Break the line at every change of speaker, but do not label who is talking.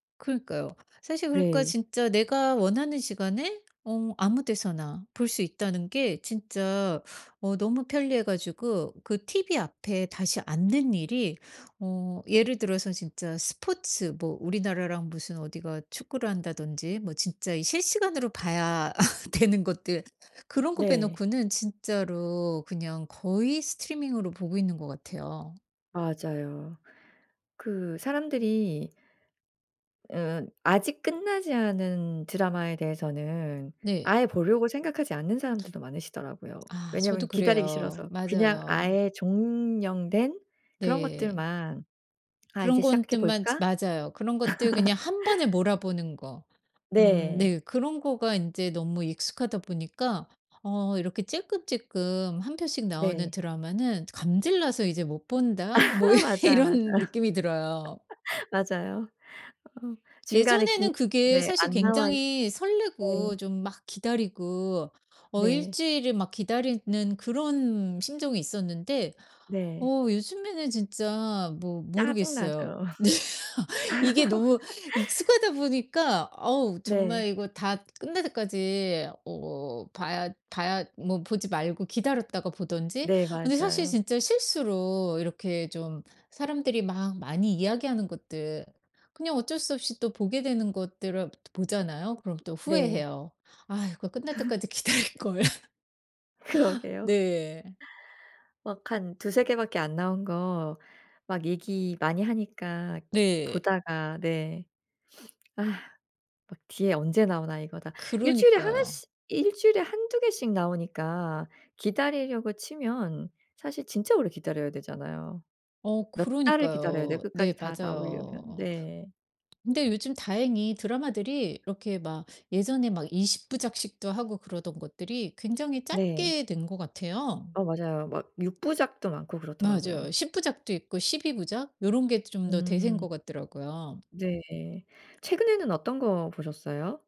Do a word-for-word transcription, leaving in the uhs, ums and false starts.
그러니까요. 사실 그러니까
네.
진짜 내가 원하는 시간에 어 아무 데서나 볼 수 있다는 게 진짜 어 너무 편리해 가지고 그 tv 앞에 다시 앉는 일이 어 예를 들어서 진짜 스포츠 뭐 우리나라랑 무슨 어디가 축구를 한다든지 뭐 진짜 이 실시간으로 봐야 되는 것들 그런 거
네.
빼놓고는 진짜로 그냥 거의 스트리밍으로 보고 있는 것 같아요.
맞아요. 그 사람들이 으 아직 끝나지 않은 드라마에 대해서는
네.
아예 보려고 생각하지 않는 사람들도 많으시더라고요.
아 저도
왜냐하면 기다리기
그래요.
싫어서 그냥
맞아요.
아예 종영된 그런
네.
것들만 '아 이제
그런
시작해
건들만
볼까?'
맞아요. 그런 것들 그냥 한 번에 몰아보는 거. 음
네.
네. 그런 거가 인제 너무 익숙하다 보니까 어 이렇게 찔끔찔끔 한 편씩 나오는
네.
드라마는 '감질나서 이제 못
아
본다.' 뭐
맞아요, 맞아요.
이런 느낌이 들어요.
맞아요. 어 중간에 김
예전에는 그게
네
사실
안 나와있어
굉장히 설레고
네.
좀 막 기다리고 어 일
네.
주일을 막 기다리는 그런 심정이 있었는데
네.
어 요즘에는 진짜 뭐 모르겠어요.
짜증나죠.
네. 이게 너무 익숙하다 보니까 아우
네.
정말 이거 다 끝날 때까지 어 봐야 봐야 뭐 보지 말고 기다렸다가 보든지.
네.
근데 사실
맞아요.
진짜 실수로 이렇게 좀 사람들이 막 많이 이야기하는 것들 그냥 어쩔 수 없이 또 보게 되는 것들을 보잖아요. 그럼 또
네.
후회해요. 아 이거 끝날 때까지 기다릴걸.
그러게요.
네.
막 한 두세 개 밖에 안 나온 거 막 얘기 많이 하니까
네.
보다가 네. 막 뒤에 언제 나오나 이거 다 일 주일에 하나
그러니까요.
씨 일 주일에 한두 개씩 나오니까 기다리려고 치면 사실 진짜 오래 기다려야 되잖아요.
어
몇 달을 기다려야 돼요,
그러니까요.
끝까지
네
다 나오려면.
맞아요.
네.
근데 요즘 다행히 드라마들이 이렇게 막 예전에 막 이십 부작씩도 하고 그러던 것들이 굉장히
네.
짧게 된 것 같아요.
어 맞아요. 막 육 부작도 많고 그렇더라고요.
맞아요. 십 부작도 있고 십이 부작 요런 게 좀 더 대세인
음.
것 같더라고요.
네. 최근에는 어떤 거 보셨어요?